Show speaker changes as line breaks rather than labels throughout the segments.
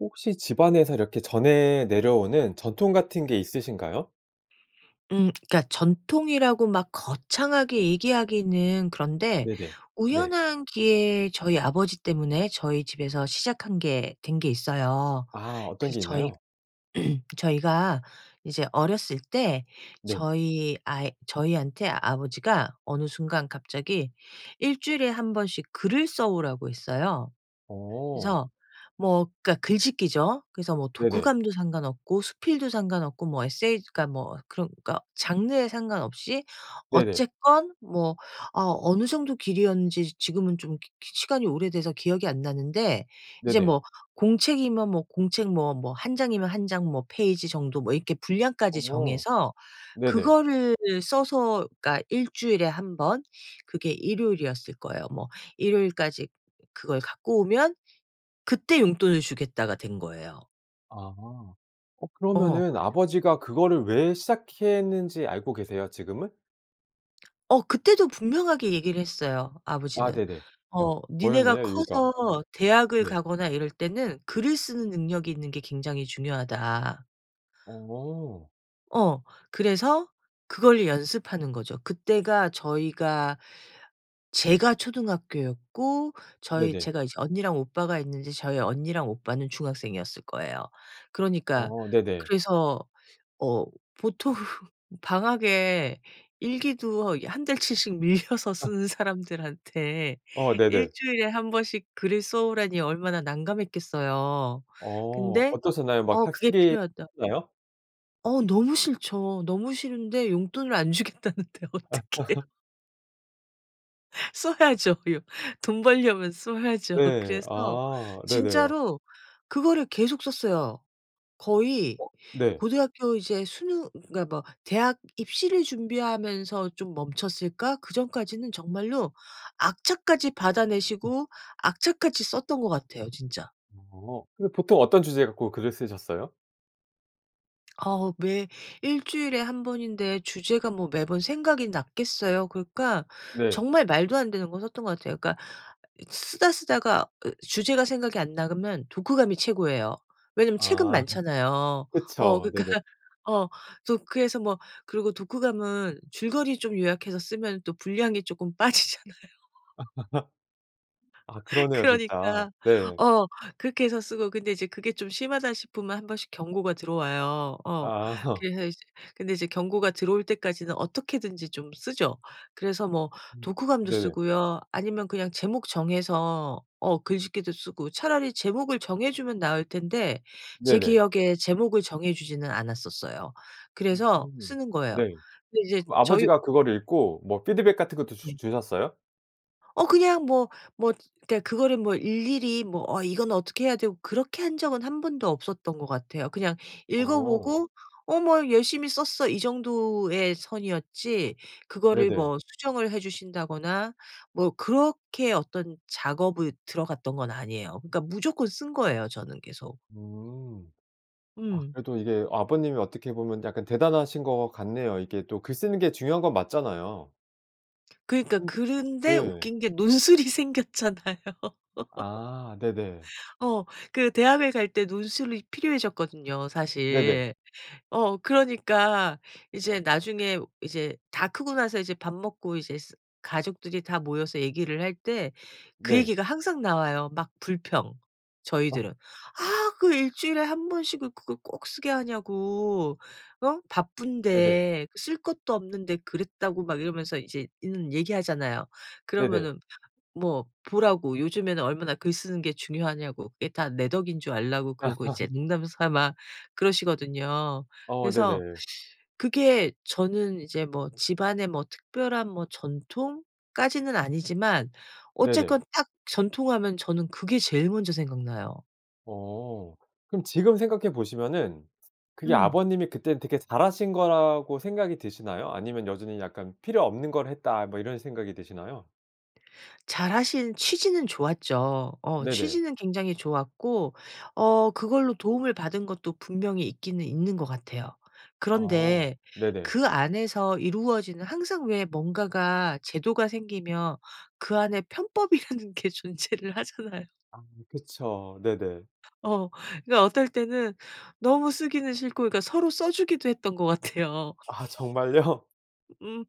혹시 집안에서 이렇게 전해 내려오는 전통 같은 게 있으신가요?
음. 그러니까 전통이라고 막 거창하게 얘기하기는 그런데
네네. 네.
우연한 기회에 저희 아버지 때문에 저희 집에서 시작한 게 된 게 있어요.
아. 어떤
그래서
게
저희
있나요?
저희가 이제 어렸을 때
네.
저희 아이 저희한테 아버지가 어느 순간 갑자기 1 주일에 1 번씩 글을 써 오라고 했어요.
어.
그래서 뭐 그러니까 글짓기죠. 그래서 뭐
네네.
독후감도 상관없고 수필도 상관없고 뭐 에세이 그러니까 뭐 그러니까 장르에 상관없이
네네.
어쨌건 뭐 아 어느 정도 길이었는지 지금은 좀 기 기 시간이 오래돼서 기억이 안 나는데 이제
네네.
뭐 공책이면 뭐 공책 뭐 뭐 1 장이면 1 장 뭐 페이지 정도 뭐 이렇게 분량까지
어.
정해서
네네.
그거를 써서 그러니까 1 주일에 1 번 그게 일요일이었을 거예요. 뭐 "일요일까지 그걸 갖고 오면 그때 용돈을 주겠다."가 된 거예요.
아. 어
어.
그러면은 아버지가 그거를 왜 시작했는지 알고 계세요, 지금은?
어 그때도 분명하게 얘기를 했어요,
아
아버지는.
네네.
어 "니네가
뭐였나요, 이유가?
커서 대학을
네.
가거나 이럴 때는 글을 쓰는 능력이 있는 게 굉장히 중요하다."
어.
어. 그래서 그걸로 연습하는 거죠. 그때가 저희가 제가 초등학교였고 저희
네네.
제가 이제 언니랑 오빠가 있는데 저희 언니랑 오빠는 중학생이었을 거예요. 그러니까
어 네네.
그래서 어 보통 방학에 일기도 이 1 달치씩 밀려서 쓰는 사람들한테
어
1
네네.
주일에 1 번씩 글을 써 오라니 얼마나 난감했겠어요.
어
근데
어떠셨나요? 막
어 그게
[unintelligible]
필요하다
했나요?
어 너무 싫죠. 너무 싫은데 용돈을 안 주겠다는데 어떡해요? 써야죠. 요 돈 벌려면 써야죠.
네.
그래서
아 네네.
진짜로 그거를 계속 썼어요. 거의
어. 네.
고등학교 이제 수능 그러니까 뭐 대학 입시를 준비하면서 좀 멈췄을까? 그 전까지는 정말로 악착같이 받아 내시고 악착같이 썼던 것 같아요 진짜.
어. 그럼 보통 어떤 주제 갖고 글을 쓰셨어요?
어 매 1 주일에 1 번인데 주제가 뭐 매번 생각이 났겠어요? 그러니까
네.
정말 말도 안 되는 거 썼던 것 같아요. 그러니까 있 쓰다 쓰다가 으 주제가 생각이 안 나. 그러면 독후감이 최고예요. 왜냐하면 책은
아
많잖아요. 어
그쵸.
그러니까
네네.
어 그래서 그래서 뭐 그리고 독후감은 줄거리 좀 요약해서 쓰면은 또 분량이 쪼끔 빠지잖아요.
아 그러네요 진짜.
그러니까
네.
어 그렇게 해서 쓰고 근데 이제 그게 좀 심하다 싶으면 1 번씩 경고가 들어와요. 어
아.
그래서 이제 근데 이제 경고가 들어올 때까지는 어떻게든지 좀 쓰죠. 그래서 뭐
음
독후감도
네네.
쓰고요. 아니면 그냥 제목 정해서 어 글짓기도 쓰고 차라리 제목을 정해 주면 나을 텐데 제
네네.
기억에 제목을 정해 주지는 않았었어요. 그래서
으흠.
쓰는 거예요.
네.
근데 이제
그거
저희
아버지가 그걸 읽고 뭐
[unintelligible] 음.
피드백 같은 것도
네.
주 주셨어요?
어 그냥 뭐 뭐 그러니까 그거를 뭐 일일이 뭐 어 이거는 어떻게 해야 되고 그렇게 한 적은 1 번도 없었던 것 같아요. 그냥 읽어
어.
보고 어 뭐 "열심히 썼어." 이 정도의 선이었지 그거를
네네.
뭐 수정을 해 주신다거나 뭐 그렇게 어떤 작업을 들어 갔던 건 아니에요. 그러니까 무조건 쓴 거예요 저는 계속.
음. 아
음.
그래도 이게 아버님이 어떻게 보면 약간 대단하신 것 같네요. 이게 또 글 쓰는 게 중요한 건 맞잖아요.
그니까
[unintelligible]
그런데
네.
웃긴 게 논술이 생겼잖아요.
아 네네.
어. 그 대학을 갈 때 논술이 필요해졌거든요
네네.
사실. 어 그러니까 이제 나중에 이제 다 크고 나서 이제 밥 먹고 이제 쓰 가족들이 다 모여서 얘기를 할 때 그
네.
얘기가 항상 나와요. 막 불평
아.
저희들은. "아 그 1 주일에 1 번씩 그 그걸 꼭 쓰게 하냐고 어?
네네.
바쁜데 쓸 것도 없는데 그랬다."고 막 이러면서 이제 있는 얘기하잖아요.
네네.
그러면은 뭐 보라고 요즘에는 얼마나 글 쓰는 게 중요하냐고. 그게 다 내 덕인 줄 알라고. 그러고 이제 농담 삼아 그러시거든요.
어.
그래서
네네.
그게 저는 이제 뭐 집안에 뭐 특별한 뭐 전통까지는 아니지만
네네.
어쨌건 딱 '전통' 하면 저는 그게 제일 먼저 생각나요.
어. 그럼 지금 생각해 보시면은 그게
음.
아버님이 그땐 되게 잘 하신 거라고 생각이 드시나요? 아니면 여전히 약간 '필요 없는 걸 했다.' 뭐 이런 생각이 드시나요?
잘 하신 취지는 좋았죠. 어
네네.
취지는 굉장히 좋았고 어 그걸로 도움을 받은 것도 분명히 있기는 있는 것 같아요.
아
그런데
네네.
그 안에서 이루어지는 항상 왜 뭔가가 제도가 생기면 그 안에 편법이라는 게 존재를 하잖아요.
아 그쵸. 네네.
어. 그게 어떨 때는 너무 쓰기는 싫고 그러니까 서로 써 주기도 했던 것 같아요.
아 정말요?
음.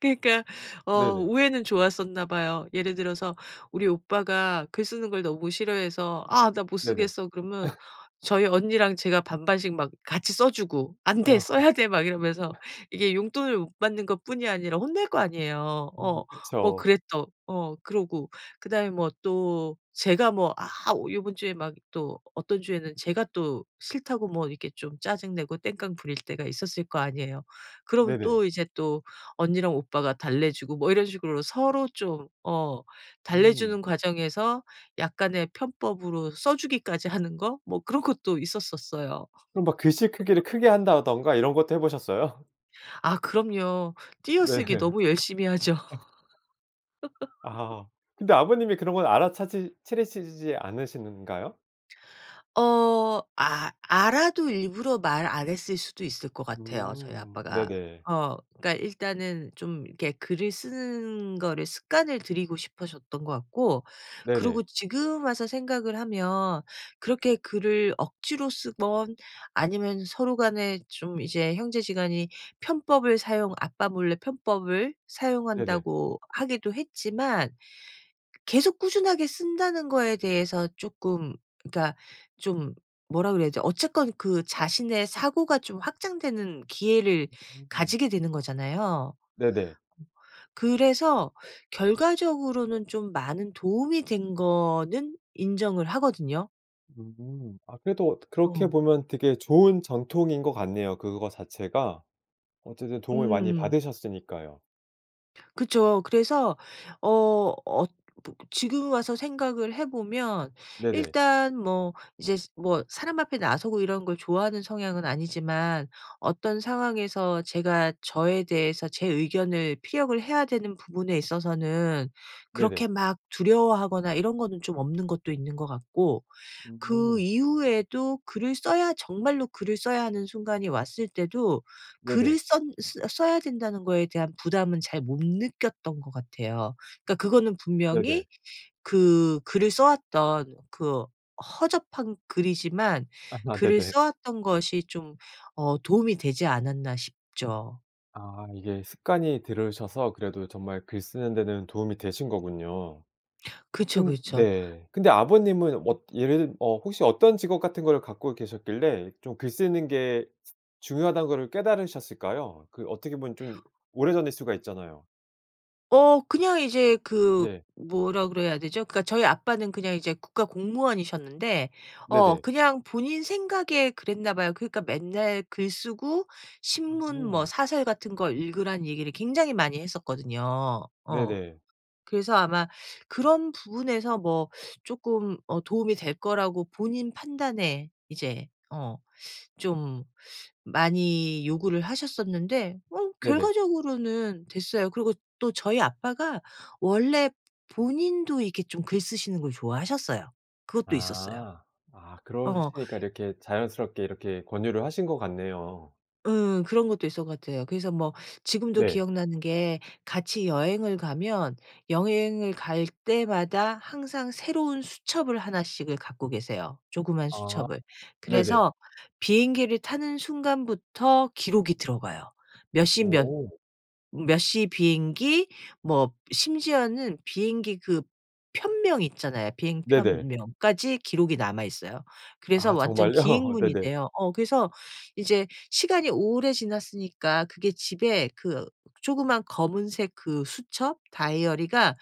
그러니까 어
네네.
우애는 좋았었나 봐요. 예를 들어서 우리 오빠가 글 쓰는 걸 너무 싫어해서 "아 나 못
네네.
쓰겠어" 그러면 저희 언니랑 제가 반반씩 막 같이 써 주고 "안돼.
어
써야 돼." 막 이러면서.
하.
이게 용돈을 못 받는 것 뿐이 아니라 혼낼 거 아니에요.
음.
어 뭐
그쵸.
그래 또. 어 그러고 그 다음에 뭐 또 제가 뭐 아 요번 주에 막 또 어떤 주에는 제가 또 싫다고 뭐 이렇게 좀 짜증내고 땡깡 부릴 때가 있었을 거 아니에요. 그러면
네네.
또 이제 또 언니랑 오빠가 달래주고 뭐 이런 식으로 서로 좀 어
음.
달래주는 과정에서 약간의 편법으로 써 주기까지 하는 거 뭐 그런 것도 있었었어요.
그럼 막 글씨 크기를 크게 한다든가 이런 것도 해 보셨어요?
아 그럼요.
네.
띄어쓰기 너무 열심히 하죠.
아 근데 아버님이 그런 건 알아차지 차리시지 않으시던가요?
어 아 알아도 일부러 말 안 했을 수도 있을 것 같아요 저희
음
아빠가.
네네.
어 그러니까 일단은 좀 이렇게 글을 쓰는 거를 습관을 들이고 싶으셨던 거 같고 그리고
네네.
지금 와서 생각을 하면 그렇게 글을 억지로 쓰든 아니면 서로 간에 좀 이제 형제지간이 편법을 사용 아빠 몰래 편법을
네네.
사용한다고 하기도 했지만 계속 꾸준하게 쓴다는 거에 대해서 쪼끔 그러니까 좀 뭐라 그래야 되지? 어쨌건 그 자신의 사고가 좀 확장되는 기회를
[unintelligible]
가지게 되는 거잖아요.
네네.
[unintelligible] 그래서 결과적으로는 좀 많은 도움이 된 거는 인정을 하거든요.
음음. 아 그래도 그렇게
어.
보면 되게 좋은 전통인 것 같네요 그거 자체가. 어쨌든 도움을 많이
음.
받으셨으니까요.
그쵸. 그래서 어 어 보 지금 와서 생각을 해 보면
네네.
일단 뭐 이제 뭐 사람 앞에 나서고 이런 걸 좋아하는 성향은 아니지만 어떤 상황에서 제가 저에 대해서 제 의견을 피력을 해야 되는 부분에 있어서는
네네.
그렇게 막 두려워하거나 이런 거는 좀 없는 것도 있는 것 같고 그
음.
이후에도 글을 써야 정말로 글을 써야 하는 순간이 왔을 때도
네네.
글을 썬 쓰 써야 된다는 거에 대한 부담은 잘 못 느꼈던 것 같아요. 그러니까 그거는
네네.
분명히 그 글을 써 왔던 그 허접한 글이지만
아
글을
네네.
써 왔던 것이 좀 어 도움이 되지 않았나 싶죠.
아 이게 습관이 들으셔서 그래도 정말 글 쓰는 데는 도움이 되신거군요.
그쵸
근
그쵸.
네 근데 아버님은 뭐 예를 들 뭐 혹시 어떤 직업 같은 거를 갖고 계셨길래 좀 글 쓰는 게 중요하다는 거를 깨달으셨을까요? 그 어떻게 보면 좀 오래전일 수가 있잖아요.
어. 그냥 이제 그
네.
뭐라 그래야 되죠? 그러니까 저희 아빠는 그냥 이제 국가 공무원이셨는데 어
네네.
그냥 본인 생각에 그랬나 봐요. 그러니까 맨날 글 쓰고 신문 뭐
음.
사설 같은 걸 읽으라는 얘기를 굉장히 많이 했었거든요. 어.
네네.
그래서 아마 그런 부분에서 뭐 쪼끔 어 도움이 될 거라고 본인 판단에 이제 어 좀 많이 요구를 하셨었는데 어
네네.
결과적으로는 됐어요. 그리고 또 저희 아빠가 원래 본인도 이렇게 좀 글 쓰시는 걸 좋아하셨어요. 그것도 있었어요.
아. 아
어.
그러시니까 이렇게 자연스럽게 이렇게 권유를 하신 것 같네요.
응. 그런 것도 있었던 것 같아요. 그래서 뭐 지금도
네.
기억나는 게 같이 여행을 가면 여행을 갈 때마다 항상 새로운 수첩을 하나씩을 갖고 계세요 조그마한
아
수첩을.
네네.
그래서 비행기를 타는 순간부터 기록이 들어가요. 몇 십 몇
어.
몇 시 비행기 뭐 심지어는 비행기 그 편명 있잖아요. 비행
네네.
편명까지 기록이 남아 있어요. 그래서
아
완전
정말요? 네네.
기행문인데요. 어 그래서 이제 시간이 오래 지났으니까 그게 집에 그 조그마한 검은색 그 수첩 다이어리가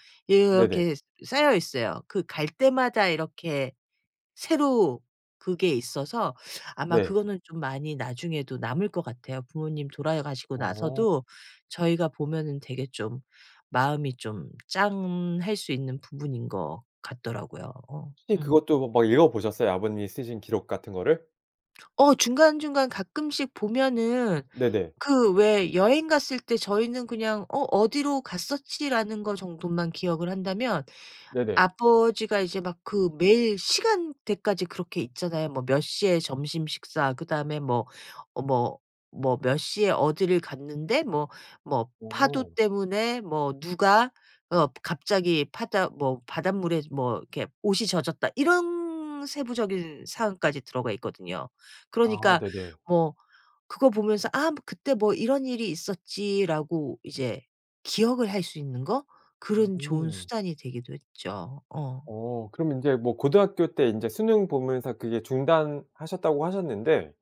네네.
이렇게 쌓여 있어요. 그 갈 때마다 이렇게 새로 그게 있어서 아마
네.
그거는 좀 많이 나중에도 남을 것 같아요. 부모님 돌아가시고
어.
나서도 저희가 보면은 되게 좀 마음이 좀 짠할 수 있는 부분인 것 같더라고요. 어
혹시
음.
그것도 막 읽어 보셨어요? 아버님이 쓰신 기록 같은 거를?
어 중간중간 가끔씩 보면은
네네.
그 왜 여행 갔을 때 저희는 그냥 "어 어디로 갔었지."라는 거 정도만 기억을 한다면
네네.
아버지가 이제 막 그 매일 시간대까지 그렇게 있잖아요. 뭐 "몇시에 점심 식사 그다음에 뭐, 뭐, 뭐 몇시에 어디를 갔는데 뭐 뭐 파도
오.
때문에 뭐 누가 어 갑자기 파다 뭐 바닷물에 뭐 이렇게 옷이 젖었다." 이런 세부적인 사항까지 들어가 있거든요.
아.
그러니까
네네.
뭐 그거 보면서 "아 뭐 그때 뭐 이런 일이 있었지."라고 이제 기억을 할 수 있는 거? 그런 좋은
음.
수단이 되기도 했죠. 어.
어. 그러면 인제 뭐 고등학교 때 인제 수능 보면서 그게 중단하셨다고 하셨는데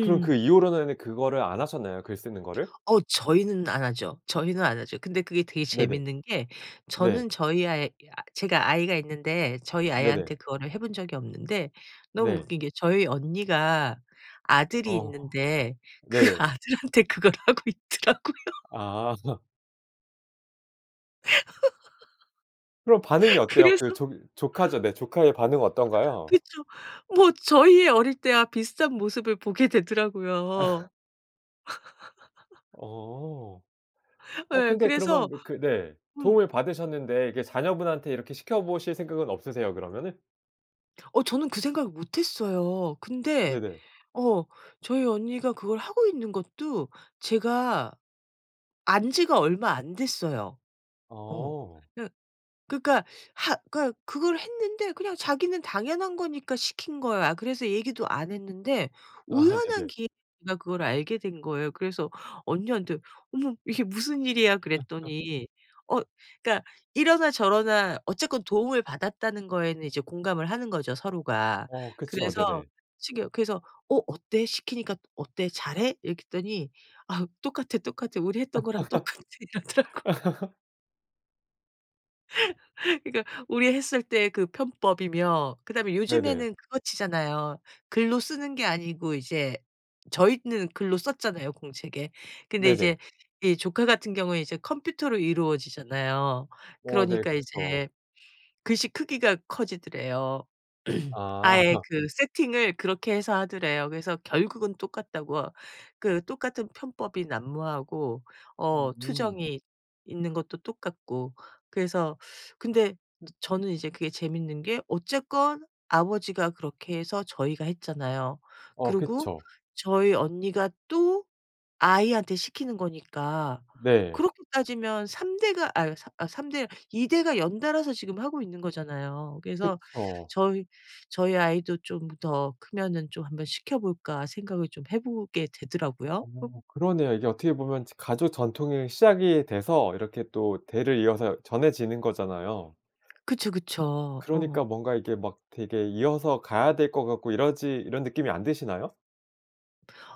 그럼 그 이후로는 그거를 안 하셨나요? 글 쓰는 거를?
어 저희는 안 하죠. 저희는 안 하죠. 근데 그게 되게
네네.
재밌는 게
네.
저는 저희 아이 야 제가 아이가 있는데 저희
네네.
아이한테 그거를 해 본 적이 없는데 너무
네.
웃긴 게 저희 언니가 아들이
어.
있는데 그
네네.
아들한테 그걸 하고 있더라고요.
아. 그럼 반응이 어때요?
그래서
그 조 조카죠. 네 조카의 반응은 어떤가요?
그쵸. 뭐 저희 어릴 때와 비슷한 모습을 보게 되더라고요.
어. 어
예
근데
그래서
그러면 그 네
음.
도움을 받으셨는데 이게 자녀분한테 이렇게 시켜보실 생각은 없으세요? 그러면은?
어 저는 그 생각을 못했어요. 근데
네네.
어 저희 언니가 그걸 하고 있는 것도 제가 안 지가 얼마 안 됐어요. 어.
어.
그 그러니까 하 그러니까 그걸 했는데 그냥 자기는 당연한 거니까 시킨 거야. 그래서 얘기도 안 했는데
아
우연한
네네.
기회에 그니까 그걸 알게 된 거예요. 그래서 언니한테 "어머 이게 무슨 일이야?" 그랬더니 어 그러니까 이러나 저러나 어쨌건 도움을 받았다는 거에는 이제 공감을 하는 거죠 서로가.
어 그쵸.
그래서
네네.
시켜 그래서 "어 어때? 시키니까 어때? 잘해?" 이렇게 했더니 "아 똑같아, 똑같아. 우리 했던 거랑 똑같아." 이러더라고요. 그러니까 우리 했을 때 그 편법이며 그다음에
네네.
요즘에는 그거 치잖아요. 글로 쓰는 게 아니고 이제 저희는 글로 썼잖아요 공책에. 근데
네네.
이제 이 조카 같은 경우에 이제 컴퓨터로 이루어지잖아요.
어. 네.
그러니까
그쵸.
이제 글씨 크기가 커지더래요.
아.
아예 그 세팅을 그렇게 해서 하더래요. 그래서 결국은 똑같다고. 그 똑같은 편법이 난무하고 어
음.
투정이 있는 것도 똑같고 그래서 근데 저는 이제 그게 재밌는 게 어쨌건 아버지가 그렇게 해서 저희가 했잖아요.
어.
그리고
그쵸.
저희 언니가 또 아이한테 시키는 거니까
네.
그렇게 따지면 3 대가 아유 4 아 3 대 2 대가 연달아서 지금 하고 있는 거잖아요. 그래서
그쵸.
'저희 저희 아이도 좀 더 크면은 좀 한번 시켜 볼까.' 생각을 좀 해 보게 되더라고요.
어. 그러네요. 이게 어떻게 보면 가족 전통이 시작이 돼서 이렇게 또 대를 이어서 전해지는 거잖아요.
그쵸,
그
그쵸. 어.
그러니까 뭔가 이게 막 되게 이어서 가야 될 것 같고 이러지 이런 느낌이 안 드시나요?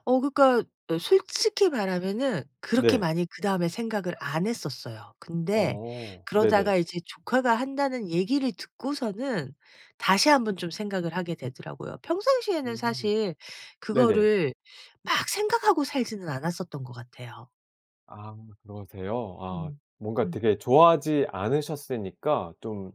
어 그러니까 솔직히 말하면은 그렇게
네.
많이 그 다음에 생각을 안 했었어요. 근데
어 네네.
그러다가 이제 "조카가 한다."는 얘기를 듣고서는 다시 한번 좀 생각을 하게 되더라고요. 평상시에는
음
사실
네네.
그거를 막 생각하고 살지는 않았었던 것 같아요.
아 그러세요. 아
음
뭔가
음.
되게 좋아하지 않으셨으니까 좀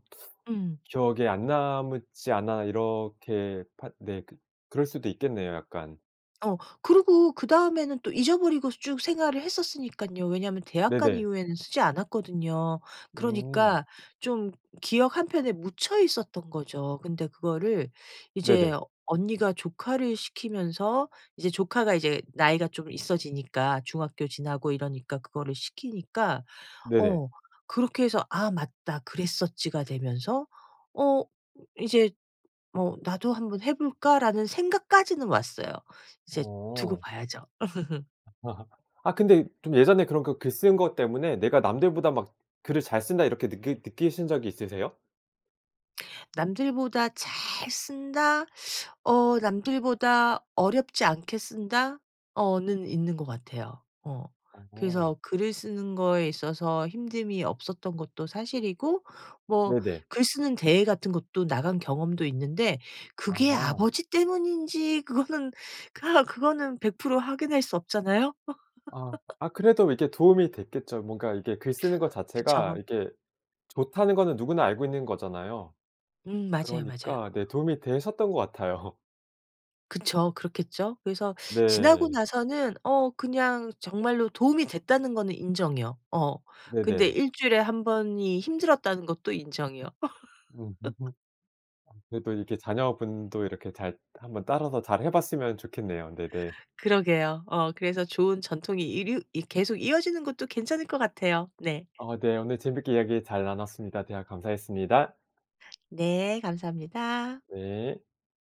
음.
기억에 안 남았지 않나 이렇게 파 네 그 그럴 수도 있겠네요 약간.
어 그리고 그 다음에는 또 잊어 버리고 쭉 생활을 했었으니깐요. 왜냐하면 대학간
네네.
이후에는 쓰지 않았거든요.
음.
그러니까 좀 기억 한 편에 묻혀 있었던 거죠. 근데 그거를 이제
네네.
언니가 조카를 시키면서 이제 조카가 이제 나이가 좀 있어지니까 중학교 지나고 이러니까 그거를 시키니까
네네.
어 그렇게 해서 '아 맞다 그랬었지.'가 되면서 어 '이제 뭐 나도 한번 해볼까?'라는 생각까지는 왔어요. 이제 두고
어.
봐야죠.
아 근데 좀 예전에 그런 그 글 쓴 것 때문에 '내가 남들보다 막 글을 잘 쓴다.' 이렇게 느끼 느끼신 적이 있으세요?
'남들보다 잘 쓴다? 어 남들보다 어렵지 않게 쓴다.' 어는 있는 것 같아요. 어.
어.
그래서 글을 쓰는 거에 있어서 힘듦이 없었던 것도 사실이고 뭐
네네.
글쓰는 대회 같은 것도 나간 경험도 있는데 그게
아.
아버지 때문인지 그거는 아 그거는 100% 확인할 수 없잖아요?
아. 아 그래도 이게 도움이 됐겠죠. 뭔가 이게 글 쓰는 것 자체가
그쵸.
이게 좋다는 거는 누구나 알고 있는 거잖아요.
음. 맞아요, 맞아요.
그러니까 네 도움이 되셨던 것 같아요.
그쵸. 그렇겠죠? 그래서 지나고
네.
나서는 어 그냥 정말로 도움이 됐다는 거는 인정이요. 어. 근데
네네.
일주일에 1 번이 힘들었다는 것도 인정이요.
으흐음. 아 그래도 이렇게 자녀분도 이렇게 잘 한번 따라서 잘 해 봤으면 좋겠네요. 네네.
그러게요. 어 그래서 좋은 전통이 이류 이 계속 이어지는 것도 괜찮을 것 같아요. 네.
어 네. 오늘 재밌게 이야기 잘 나눴습니다. 대화 감사했습니다.
네. 감사합니다.
네.